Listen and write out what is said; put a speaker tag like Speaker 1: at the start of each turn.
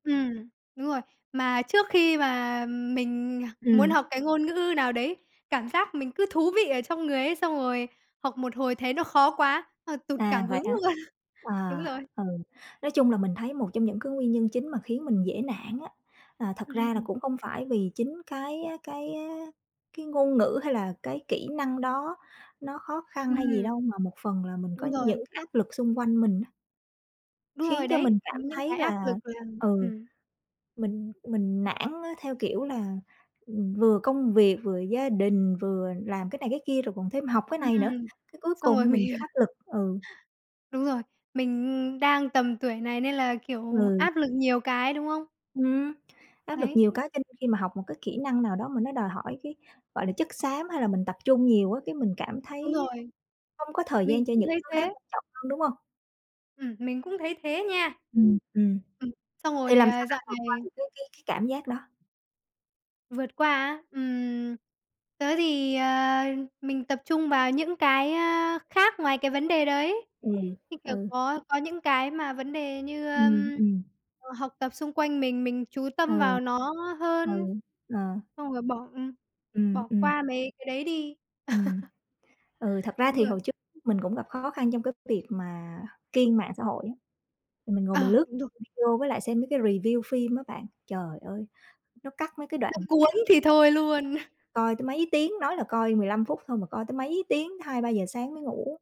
Speaker 1: Ừm, đúng rồi. Mà trước khi mà, ừm, mình muốn
Speaker 2: Ừm.
Speaker 1: học cái ngôn ngữ nào đấy, cảm giác mình cứ thú vị ở trong người ấy, xong rồi học một hồi thấy nó khó quá, ờ, tụt
Speaker 2: À,
Speaker 1: cảm
Speaker 2: vậy
Speaker 1: hứng
Speaker 2: hả?
Speaker 1: luôn. Đúng
Speaker 2: À,
Speaker 1: rồi.
Speaker 2: ừ, nói chung là mình thấy một trong những cái nguyên nhân chính mà khiến mình dễ nản, á, à, thật ra là
Speaker 1: Ừm.
Speaker 2: cũng không phải vì chính cái á cái á, cái ngôn ngữ hay là cái kỹ năng đó nó khó khăn hay gì
Speaker 1: Ừm.
Speaker 2: đâu, mà một phần là mình có
Speaker 1: Đúng rồi.
Speaker 2: những áp lực xung quanh mình, á
Speaker 1: Đúng rồi
Speaker 2: khiến cho
Speaker 1: đấy,
Speaker 2: mình
Speaker 1: ừm,
Speaker 2: cảm
Speaker 1: những
Speaker 2: thấy
Speaker 1: cái áp lực
Speaker 2: là,
Speaker 1: làm
Speaker 2: ừ,
Speaker 1: ừm.
Speaker 2: mình mình nản, á, theo kiểu là, ừm, vừa công việc, vừa gia đình, vừa làm cái này cái kia rồi còn thêm học cái này nữa,
Speaker 1: Ừm,
Speaker 2: cái cuối
Speaker 1: xong rồi
Speaker 2: cùng mình
Speaker 1: mình,
Speaker 2: bị
Speaker 1: ờ
Speaker 2: áp lực, ừ.
Speaker 1: Đúng rồi, mình, ừm, đang tầm tuổi này nên là, kiểu,
Speaker 2: Ừ.
Speaker 1: áp lực nhiều cái, đúng hông?
Speaker 2: Ừm, áp lực
Speaker 1: Đấy.
Speaker 2: nhiều cái cho nên khi mà học một cái kỹ năng nào đó mà nó đòi hỏi cái, gọi là, chất xám hay là mình tập trung nhiều, á, cái mình cảm
Speaker 1: Đúng
Speaker 2: thấy á,
Speaker 1: rồi.
Speaker 2: không có thời
Speaker 1: Mình
Speaker 2: gian cho
Speaker 1: cũng
Speaker 2: những
Speaker 1: thấy
Speaker 2: thứ khác
Speaker 1: thế.
Speaker 2: quan trọng hơn, đúng hông?
Speaker 1: Ừm, mình cũng thấy thế nha.
Speaker 2: Ừm, ừm.
Speaker 1: Ừm, xong
Speaker 2: Thì
Speaker 1: rồi,
Speaker 2: làm
Speaker 1: à,
Speaker 2: sao
Speaker 1: dạo
Speaker 2: bạn vượt qua
Speaker 1: này
Speaker 2: được cái cái cái cảm giác đó?
Speaker 1: Vượt qua á? Ừm, tớ thì, ờ, mình tập trung vào những cái, a, khác ngoài cái vấn đề đấy.
Speaker 2: Ừ,
Speaker 1: Như, kiểu,
Speaker 2: ừ.
Speaker 1: có có những cái mà vấn đề như,
Speaker 2: Ừm,
Speaker 1: ờm,
Speaker 2: ừm.
Speaker 1: ờ, học tập xung quanh mình, mình chú tâm
Speaker 2: Ừ.
Speaker 1: vào nó
Speaker 2: Ừ,
Speaker 1: hơn.
Speaker 2: ờ.
Speaker 1: Xong rồi bỏ, ừm,
Speaker 2: Ừm,
Speaker 1: bỏ
Speaker 2: ừm.
Speaker 1: qua mấy cái đấy đi.
Speaker 2: Ừm, ừ, thật ra
Speaker 1: Đúng
Speaker 2: thì
Speaker 1: rồi.
Speaker 2: hồi trước [unintelligible] mình cũng gặp khó khăn trong cái việc mà kiêng mạng xã hội á, thì mình ngồi mình
Speaker 1: À!
Speaker 2: lướt
Speaker 1: Đúng rồi.
Speaker 2: video với lại xem mấy cái review phim á bạn. Trời ơi, nó cắt mấy cái đoạn
Speaker 1: Nó cuốn thì thôi luôn.
Speaker 2: coi tới mấy tiếng, nói là coi 15 phút thôi mà coi tới mấy tiếng, tới 2-3:00 sáng mới ngủ.